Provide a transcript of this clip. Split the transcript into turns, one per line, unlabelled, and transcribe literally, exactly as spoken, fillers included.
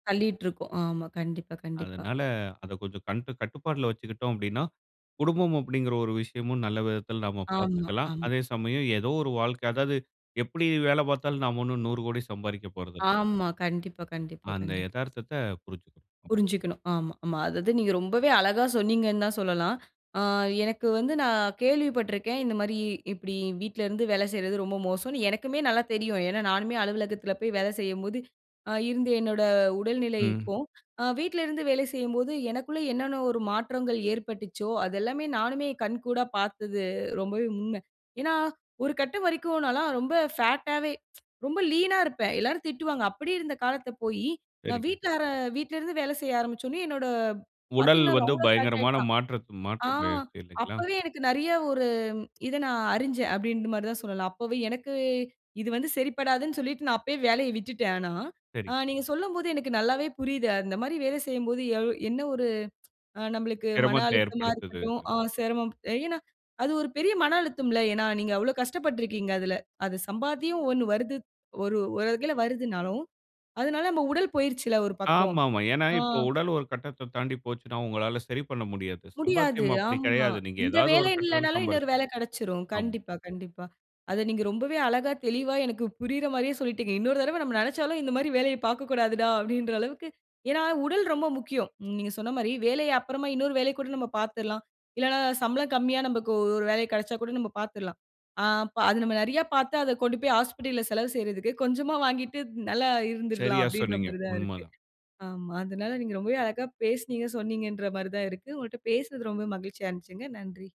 தள்ளிட்ருக்கோம். ஆமா, கண்டிப்பா கண்டிப்பா.
அதனால அத கொஞ்சம் கண்டு கட்டுப்பாட்ல வச்சுக்கிட்டோம் அப்டின்னா, குடும்பம் அப்டிங்கிற ஒரு விஷயமும் நல்ல விதத்துல நாம
ஆமா
பாத்துக்கலாம்.
ஆமா.
அதே சமயம் ஏதோ ஒரு வாழ்க்க அதாவது எப்டி வேல பாத்தாலும் நாம ஒண்ணும் நூறு கோடி சம்பாரிக்கப் போறதில்ல.
ஆமா. கண்டிப்பா கண்டிப்பா
அந்த
கண்டிப்பா.
எதார்த்தத்த புரிஞ்.
புரிஞ்சுக்கணும். ஆமா ஆமா. அதாவது நீங்க ரொம்பவே அழகா சொன்னீங்கன்னு தான் சொல்லலாம். ஆ எனக்கு வந்து நான் கேள்விப்பட்ருக்கேன், இந்த மாரி இப்டி வீட்லருந்து வேல செய்றது ரொம்ப மோசம்னு எனக்குமே நல்லா தெரியும். ஏன்னா நானுமே அலுவலகத்துல போய் வேலை செய்யும்போது, ஆ இருந்த என்னோட
ம்.
உடல்நிலைக்கும் ஆ வீட்லருந்து வேலை செய்யும்போது எனக்குள்ள என்னென்ன ஒரு மாற்றங்கள் ஏற்பட்டுச்சோ அது எல்லாமே நானுமே கண்கூடா பாத்தது ரொம்பவே உண்ம. ஏன்னா ஒரு கட்டம் வரைக்கும் நான்லாம் ரொம்ப ஃபேட்டா வே ரொம்ப லீனா இருப்ப. எல்லாரும் திட்டுவாங்க. அப்டி இருந்த காலத்த போய், நான்
சரிங்க.
வீட்டாரா வீட்லருந்து வேல செய்ய ஆரம்பிச்சோனே என்னோட
உடல்
பாத்தீங்கன்னா
வந்து
ரொம்ப ஃபேட்
பயங்கரமான
ஆயிட்டான்.
மாற்றத்த மாற்ற
ஆ
மாயிற்சி இல்லைங்களா?
அப்பவே எனக்கு நிறைய ஒரு இத நான் அறிஞ்சேன், அப்டிங்கிற மாரிதான் சொல்லலாம். அப்பவே எனக்கு இது வந்து சரிப்படாதுன்னு சொல்லிட்டு நான் அப்பவே வேலைய விட்டுட்டேன் ஆனா.
சரி.
ஆ நீங்க சொல்லும்போது எனக்கு நல்லாவே புரியுது, அந்த மாரி வேலை செய்யும்போது எ என்ன ஒரு ஆ நம்மளுக்கு மன
சிரமத்த
அழுத்தமா
ஏற்படுத்துது,
இருக்கட்டும்,
அது.
ஆ செரமம் ஏன்னா அது ஒரு பெரிய மன அழுத்தம்ல, ஏன்னா நீங்க அவ்ளோ கஷ்டப்பட்ருக்கீங்க அதுல. அது சம்பாத்தியம் ஒண்ணு வருது ஒரு ஒரு வகைல வருதுனாலும், அதனால நம்ம உடல் போயிருச்சுல ஒரு பக்கம்
ஆமாமா, ஏன்னா
ஆ.
இப்ப உடல் ஒரு கட்டத்த தாண்டி போச்சுன்னா, உங்களால சரி பண்ண முடியாது.
முடியாது
சம்பாத்தியம் அப்டி
ஆமா,
கெடையாது. நீங்க
இந்த
ஏதாவது
வேலை
ஒரு கட்டதில
இல்லனாலும்
சம்பா
இன்னொரு வேல கெடச்சிரும்
ஆமா.
கண்டிப்பா கண்டிப்பா. அத நீங்க ரொம்பவே அழகா தெளிவா எனக்கு புரியிற மாரியே சொல்லிட்டீங்க. இன்னொரு தடவ நம்ம நெனச்சாலும் இந்த மாரி வேலைய பாக்கக்கூடாதுடா அப்படீன்ற அளவுக்கு ஏன்னா உடல் ரொம்ப முக்கியம். நீங்க சொன்ன மாரி வேலைய அப்புறமா இன்னொரு வேலைக் கூட நம்ம பாத்திரலாம். இல்லன்னா சம்பளம் கம்மியா நமக்கு ஒரு வேலை கெடச்சா கூட நம்ம பாத்ரலாம். அ அப்ப நம்ம நிறைய பாத்து அத கொண்டு போய் ஹாஸ்பிடல்ல செலவு செய்றதுக்கு, கொஞ்சமா வாங்கிட்டு நல்லா இருந்துரலாம்
சரியா,
அப்டின்ற
சொன்னீங்க
மாரிதான் இருக்கு
உண்மதான்.
ஆமா, அதனால நீங்க ரொம்பவே அழகா பேசினீங்க, சொன்னீங்கன்ற மாரிதான் இருக்கு. உங்ககிட்ட பேசினது ரொம்ப மகிழ்ச்சியா இருந்துச்சுங்க, நன்றி.